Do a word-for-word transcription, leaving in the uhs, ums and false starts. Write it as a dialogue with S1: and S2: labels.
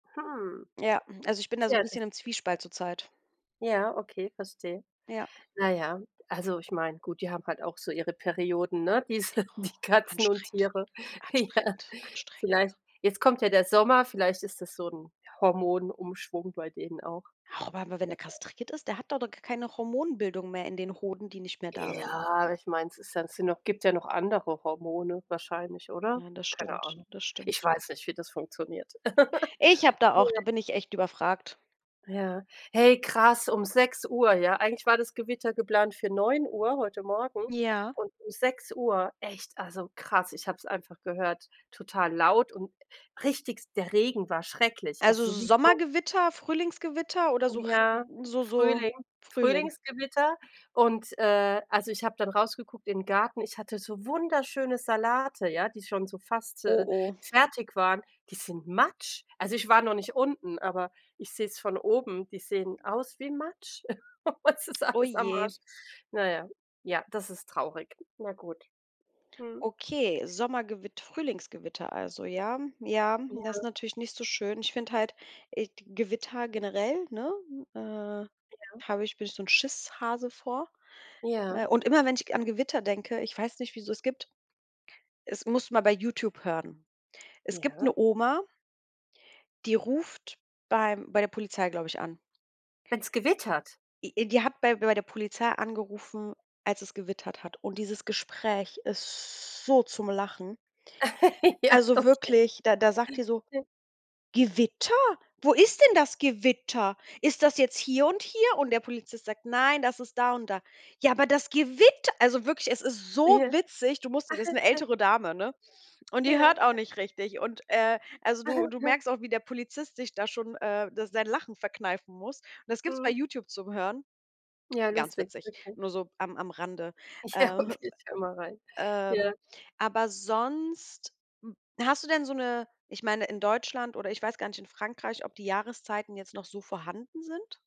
S1: Hm.
S2: Ja, hm, also ich bin da so
S1: Tja
S2: 'n
S1: das ist
S2: bisschen im
S1: die Fra
S2: Zwiespalt zurzeit.
S1: Ja, okay, verstehe.
S2: Ja.
S1: Na ja, also ich meine, gut, die haben halt auch so ihre Perioden, ne, diese die Katzen und
S2: Anstrengend,
S1: Tiere, ja.
S2: anstrengend, anstrengend.
S1: Vielleicht jetzt kommt ja der Sommer, vielleicht ist das so 'n Hormonumschwung bei denen auch,
S2: Auch aber wenn er
S1: wer wei
S2: kastriert ist, der hat do doch k keine Hormonbildung mehr in den Hoden, die nicht mehr da sind.
S1: Ja, ich meine, ist ja sind noch gibt ja noch andere Hormone wahrscheinlich, oder?
S2: Nein, das
S1: Keine
S2: stimmt.
S1: Ahnung,
S2: Das
S1: ich
S2: stimmt.
S1: weiß nicht, wie das funktioniert.
S2: Ich habe da auch da
S1: Nein.
S2: bin ich echt überfragt.
S1: Ja, hey krass, um Sechs Uhr, ja, eigentlich war das Gewitter geplant für Neun Uhr heute Morgen
S2: Ja.
S1: und um Sechs Uhr, echt, also krass, ich habe es einfach gehört, total laut und Richtig, s der Regen war schrecklich,
S2: Also
S1: also so wie so
S2: Sommergewitter, Frühlingsgewitter oder so r
S1: Ja,
S2: so so,
S1: Frühling,
S2: Frühling?
S1: Frühlingsgewitter. Und, äh, also ich habe dann rausgeguckt in den Garten, ich hatte so wunderschöne Salate, ja, die schon so fast,
S2: Oh
S1: äh,
S2: oh.
S1: fertig waren. Die sind Matsch. Also, ich war noch nicht unten, aber ich sehe es von oben, die sehen aus wie Matsch. Es ist
S2: Oh
S1: alles am
S2: je.
S1: Arsch. Na ja, ja, das ist traurig. Na gut. Mhm.
S2: Okay, Sommergewitt Frühlingsgewitter also, ja. Ja, das ist
S1: Ja.
S2: natürlich nicht so schön. Ich finde halt äh, d Gewitter generell, ne, äh,
S1: Ja.
S2: habe ich bin ich so 'n Schisshase vor.
S1: Ja.
S2: Äh, und immer, wenn ich g an Gewitter denke, ich weiß nicht, wieso es gibt, es musst mal bei Youtube hören. Es gibt 'ne
S1: Ja.
S2: Oma die ruft beim bei der Polizei, glaube ich, an.
S1: Wenn's gewittert?
S2: E die hat bei bei der Polizei angerufen, als es gewittert hat. Und dieses Gespräch ist so zum Lachen.
S1: Ja
S2: Also
S1: okay.
S2: wirklich, da da sagt die so:
S1: [unintelligible]
S2: „Gewitter? Wo ist denn das Gewitter? Ist das jetzt hier und hier?“ Und der Polizist sagt: „Nein, das ist da und da.“ „Ja, aber das Gewitter“ Also wirklich, es ist so
S1: Ja.
S2: witzig. Du musst wissen 'ne ältere Dame, ne? Und
S1: Ja,
S2: die
S1: ja.
S2: hört auch nicht richtig. Und, äh, also, du du merkst auch, wie der Polizist sich da schon, äh, s sein Lachen verkneifen muss. Und das gibt's bei
S1: Mhm.
S2: Youtube zum Hören.
S1: Ja
S2: Ganz
S1: lustig
S2: witzig,
S1: okay.
S2: nur so am am Rande.
S1: Ja,
S2: Ähm,
S1: okay, ich höre mal rein, ja.
S2: ähm, aber sonst hm, hast du denn so 'ne ich meine, in Deutschland, oder, ich weiß gar nicht, in Frankreich, ob die Jahreszeiten jetzt noch so vorhanden sind?